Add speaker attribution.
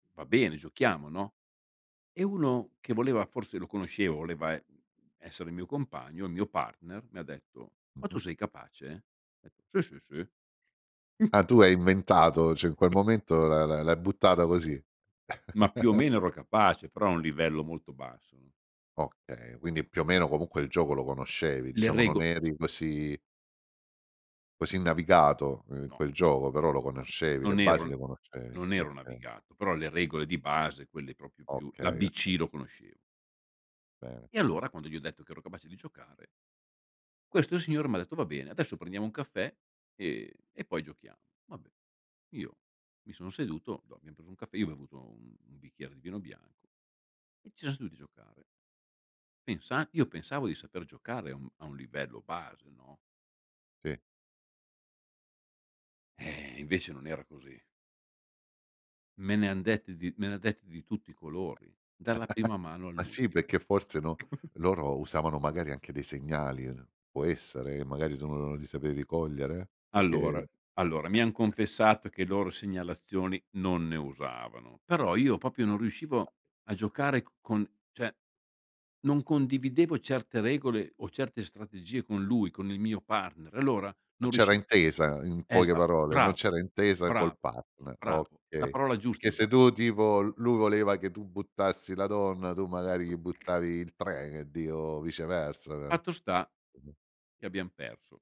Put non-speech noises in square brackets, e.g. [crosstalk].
Speaker 1: Va bene, giochiamo, no, e uno che voleva forse lo conoscevo, voleva e essere il mio compagno, il mio partner, mi ha detto: "Ma tu
Speaker 2: Mh-mh.
Speaker 1: sei capace?" "Sì, sì, sì."
Speaker 2: Ah, tu hai inventato cioè, in quel momento la la l'hai buttata così?
Speaker 1: Ma più o
Speaker 2: [chuckles]
Speaker 1: meno, ero capace, però a un livello molto basso.
Speaker 2: Okay, quindi, più o meno, comunque il gioco lo conoscevi,
Speaker 1: Le
Speaker 2: diciamo, non
Speaker 1: rego
Speaker 2: eri così così navigato in
Speaker 1: No.
Speaker 2: quel gioco, però lo conoscevi, le
Speaker 1: Non ero
Speaker 2: basi
Speaker 1: n
Speaker 2: le conoscevi.
Speaker 1: non ero
Speaker 2: Okay.
Speaker 1: navigato, però le regole di base quelle proprio più
Speaker 2: Okay,
Speaker 1: l'ABC
Speaker 2: okay.
Speaker 1: lo conoscevo.
Speaker 2: Bene.
Speaker 1: E allora, quando gli ho detto che ero capace di giocare questo signore m'ha detto: "Va bene, adesso prendiamo un caffè, ehm, e poi giochiamo." Vabbè. Io, mi sono seduto, lo abbiam preso un caffè, io ho bevuto un un bicchiere di vino bianco, e ci [unintelligible] seduti giocare. Pensa io pensavo di saper giocare a un a un livello base, no?
Speaker 2: Sì.
Speaker 1: Ehm, invece non era così. Me ne han dette di me ne ha dette di tutti i
Speaker 2: [chuckles]
Speaker 1: colori. Dalla prima mano
Speaker 2: Ma sì,
Speaker 1: all'ultima.
Speaker 2: perché forse, no
Speaker 1: [chuckles]
Speaker 2: loro usavano, magari, anche dei segnali, n può essere, che magari tu non non li sapevi cogliere? Perché
Speaker 1: Allora, allora, mi han
Speaker 2: [chuckles]
Speaker 1: confessato che loro segnalazioni, non ne usavano. Però io proprio non riuscivo, a giocare c con cioè, non condividevo certe regole, o certe strategie con lui, con il mio partner, allora,
Speaker 2: Non
Speaker 1: non
Speaker 2: c'era
Speaker 1: riusciva
Speaker 2: intesa, in poche
Speaker 1: esa
Speaker 2: parole, non
Speaker 1: bravo,
Speaker 2: c'era intesa col
Speaker 1: bravo,
Speaker 2: partner,
Speaker 1: bravo, la
Speaker 2: okay.
Speaker 1: parola giusta
Speaker 2: Perché
Speaker 1: hai
Speaker 2: se
Speaker 1: usa
Speaker 2: tu tipo, l lui voleva che tu buttassi la donna, tu magari gli buttavi il 3 e e dico, viceversa.
Speaker 1: Fatto sta,
Speaker 2: Mh-mh.
Speaker 1: che abbiam perso.